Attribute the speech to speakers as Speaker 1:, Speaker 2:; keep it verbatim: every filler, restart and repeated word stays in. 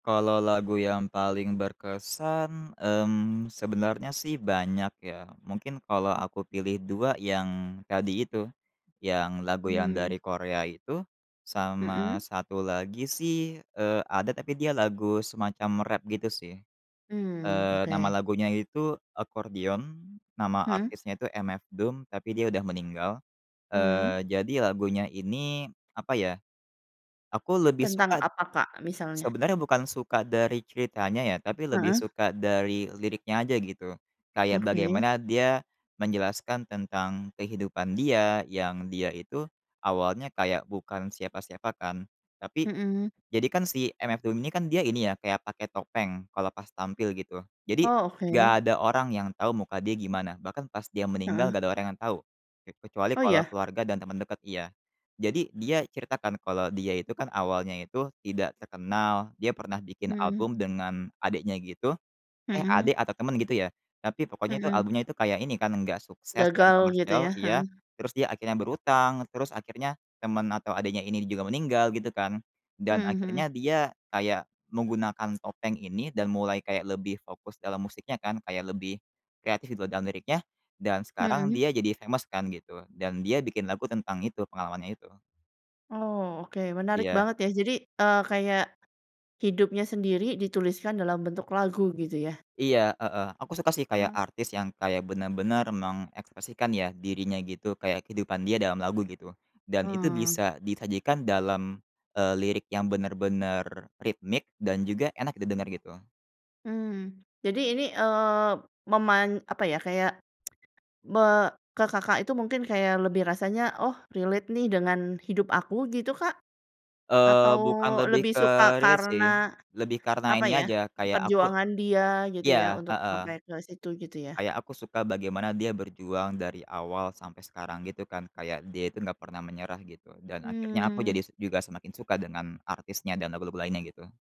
Speaker 1: Kalau lagu yang paling berkesan, mmm, sebenarnya sih banyak ya, mungkin kalau aku pilih dua yang tadi itu, yang lagu yang
Speaker 2: Mmm.
Speaker 1: dari Korea itu. Sama
Speaker 2: Mhm.
Speaker 1: satu lagi sih, eee, ada, tapi dia lagu semacam rap gitu, sih.
Speaker 2: Mmm,
Speaker 1: Eee, nama
Speaker 2: oke.
Speaker 1: lagunya itu Accordion, nama
Speaker 2: Mhm.
Speaker 1: artisnya itu MF Doom, tapi dia udah meninggal. Eee,
Speaker 2: Mhm.
Speaker 1: jadi lagunya ini, apa ya, aku lebih
Speaker 2: Tentang
Speaker 1: suka,
Speaker 2: apa, Kak, misalnya?
Speaker 1: sebenarnya bukan suka dari ceritanya ya, tapi lebih
Speaker 2: Heeh.
Speaker 1: suka dari liriknya aja, gitu. Kayak
Speaker 2: Oke.
Speaker 1: bagaimana dia menjelaskan tentang kehidupan dia yang dia itu awalnya kayak bukan siapa-siapa kan, tapi
Speaker 2: Mhm.
Speaker 1: jadi kan si MF Doom ini kan dia ini ya, kayak pakai topeng kalau pas tampil, gitu. Jadi,
Speaker 2: Oh,
Speaker 1: nggak
Speaker 2: oke.
Speaker 1: ada orang yang tahu muka dia gimana. Bahkan pas dia meninggal,
Speaker 2: Heeh.
Speaker 1: nggak ada orang yang tahu, ke kecuali
Speaker 2: Oh,
Speaker 1: kalau
Speaker 2: iya?
Speaker 1: keluarga dan teman dekat, iya. Jadi dia cerita kan kalau dia itu kan awalnya itu tidak terkenal, dia pernah bikin
Speaker 2: Mhm.
Speaker 1: album dengan adiknya, gitu, eh,
Speaker 2: Mhm.
Speaker 1: adik atau teman ,gitu ya. Tapi pokoknya itu
Speaker 2: Mhm.
Speaker 1: albumnya itu kayak ini kan enggak sukses dan
Speaker 2: Gagal, gitu
Speaker 1: komersil,
Speaker 2: ya.
Speaker 1: iya.
Speaker 2: Heeh.
Speaker 1: Terus dia akhirnya berhutang, terus akhirnya teman atau adiknya ini juga meninggal, gitu kan,
Speaker 2: Mhm
Speaker 1: dan
Speaker 2: mhm.
Speaker 1: akhirnya dia kayak menggunakan topeng ini dan mulai kayak lebih fokus dalam musiknya kan, kayak lebih kreatif gitu dalam liriknya, dan sekarang
Speaker 2: Mhm.
Speaker 1: dia jadi famous kan, gitu. Dan dia bikin lagu tentang itu, pengalamannya itu.
Speaker 2: Oh, oke. Menarik
Speaker 1: Iya.
Speaker 2: banget ya, jadi, eee, kayak hidupnya sendiri dituliskan dalam bentuk lagu, gitu ya?
Speaker 1: Iya, heeh. Aku suka sih kayak
Speaker 2: Eh.
Speaker 1: artis yang kayak benar-benar mengekspresikan ya, dirinya gitu, kayak kehidupan dia dalam lagu, gitu. Dan itu
Speaker 2: Eh.
Speaker 1: bisa disajikan dalam, eee, lirik yang benar-benar ritmik dan juga enak didengar, gitu.
Speaker 2: Mmm, jadi ini, eee, meman apa ya, kayak me ke Kakak itu mungkin kayak lebih rasanya, oh relate nih dengan hidup aku, gitu, Kak?
Speaker 1: Eee,
Speaker 2: Atau
Speaker 1: bukan lebih
Speaker 2: lebih
Speaker 1: ke
Speaker 2: suka
Speaker 1: relate
Speaker 2: karena,
Speaker 1: sih, lebih karena
Speaker 2: apa
Speaker 1: ini
Speaker 2: ya,
Speaker 1: aja, kayak aku
Speaker 2: perjuangan dia, gitu ya?
Speaker 1: iya,
Speaker 2: Untuk
Speaker 1: heeh.
Speaker 2: sampai ke situ, gitu ya?
Speaker 1: Kayak aku suka bagaimana dia berjuang dari awal sampai sekarang, gitu kan. Kayak dia itu enggak pernah menyerah gitu. Dan akhirnya aku
Speaker 2: Mmm.
Speaker 1: jadi juga semakin suka dengan artisnya dan lagu-lagu lainnya, gitu.